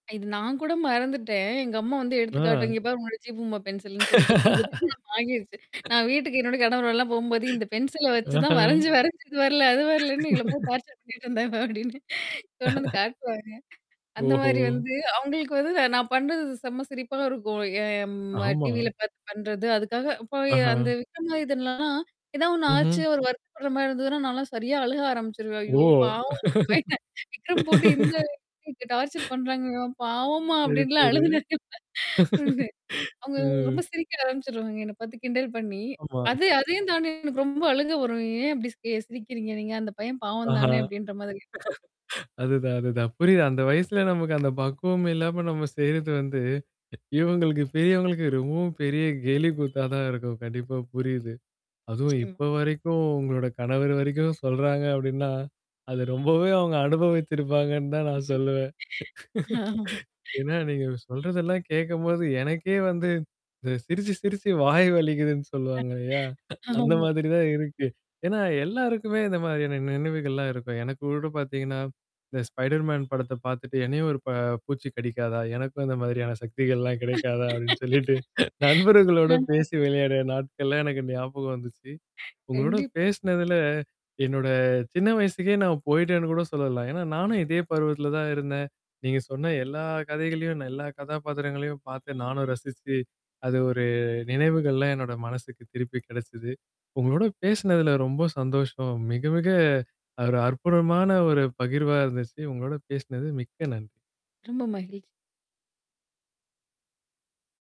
இது நான் கூட மறந்துட்டேன். எங்க அம்மா வந்து எடுத்துக்காட்டும். ஆ. இங்க பார் உன்னோட ஜீ பூம்பா பென்சில்ன்னு சொல்லிட்டு இப்ப கூட [unintelligible] திருமணம் வாங்கிருச்சு. நான் வீட்டுக்கு என்னோட கணவரோடல்லாம் போம்போது இந்த பென்சில வச்சு தான் அஹ. வரைஞ்சு வரைஞ்சு இது வரல. அது வரலன்னு எங்கள போ டார்ச்சர் பண்ணிட்டு இருந்தாங்க அப்டின்னு. கொண்டு வந்து காட்டுவாங்க. அந்த ஓஹோ! மாரி வந்து, அவங்களுக்கு வந்து நான் பண்றதுது செம்ம சிரிப்பாவ இருக்கும். எம் ஆமா. டிவில பார்த்து பண்றது. அதுக்காக அப்ப அந்த ஆஹ. விக்ரமாதித்தன்லலாம், ஏதாவ ஒண்ணு ஆச்சு ம்ஹ்ம். அவரு வருத்தப்படுற மாரி இருந்ததுன்னா, நான்லாம் சரியா அழுக ஆரம்பிச்சுருவேன். ஓ! ஐயோ! பாவம் பயன் விக்ரம் போட்டு இந்த அளவுக்கு டார்ச்சர் பண்றாங்கவன். பாவோம்மா சரி, அப்டின்னுலாம் சரி. அழுதுனே ஒண்ணு. அவங்க அ. ரொம்ப சிரிக்க ஆரம்பிச்சுருவாங்க. என்ன பாத்து கிண்டல் பண்ணி. ஆமா. அது அதையும் தாண்டி எனக்கு ரொம்ப அழுங்கா வரும். ஏன் அப்டி சி சிரிக்கிறீங்க நீங்க அந்த பையன் பாவம் ஆஹா. தானே அப்டின்ற மாதிரி. அதுதான் அதுதான். புரியுது. அந்த வயசுல நமக்கு அந்த பக்குவம் இல்லாம நம்ம செய்றது வந்து இவங்களுக்கு பெரியவங்களுக்கு ரொம்பவும் பெரிய கேலி கூத்தா தான் இருக்கும். கண்டிப்பா புரியுது. அதுவும் நிச்சியம் இப்ப வரைக்கும் உங்களோட கணவர் வரைக்கும் சொல்றாங்க அப்டின்னா. அத ரொம்பவே அவங்க அனுபவிச்சுருப்பாங்கன்னு தான் நான் சொல்லுவேன் ஆமா. ஏன்னா, நீங்க சொல்றதெல்லாம் கேட்கும்போது எனக்கே வந்து த சிரிச்சு சிரிச்சு வாய் வலிக்குதுன்னு சொல்லுவாங்க இல்லயா? அந்த ஆமா. மாதிரி தான் இருக்கு. ஏன்னா எல்லாருக்குமே இந்த மாதிரியான நினைவுகள்லாம் இருக்கும். எனக்கு கூட பார்த்தீங்கன்னா, இந்த ஸ்பைடர் மேன் படத்த பார்த்துட்டு, என்னையும் ஒரு ப பூச்சி கடிக்காதா? எனக்கும் இந்த மாதிரியான சக்திகள்லாம் கிடைக்காதா? அப்டின்னு சொல்லிட்டு நண்பர்களோட ம். பேசி விளையாடு நாட்கள்ல எனக்கு ஞாபகம் வந்துச்சு. உங்களோட கண்டிப்பா. பேசனதுல, என்னோட சின்ன வயசுக்கே நான் போயி்டேன்னு கூட சொல்லலாம். ஏன்னா, நானும் இதே பருவத்தில தான் இருந்தேன். நீங்க சொன்ன எல்லா கதைகளையும் எல்லா கதாபாத்திரங்களையும் பார்த்து நானும் ரசிச்சு. அது ஒரு நினைவுகள்லாம் என்னோட மனசுக்கு திருப்பி கெடைச்சது. உங்களோட பேசினதுல ரொம்ப சந்தோஷம். மிக மிக ஒரு அற்புதமான ஒரு பகிர்வா இருந்துச்சு. உங்களோட பேசினது மிக்க நன்றி. ரொம்ப மகிழ்ச்சி.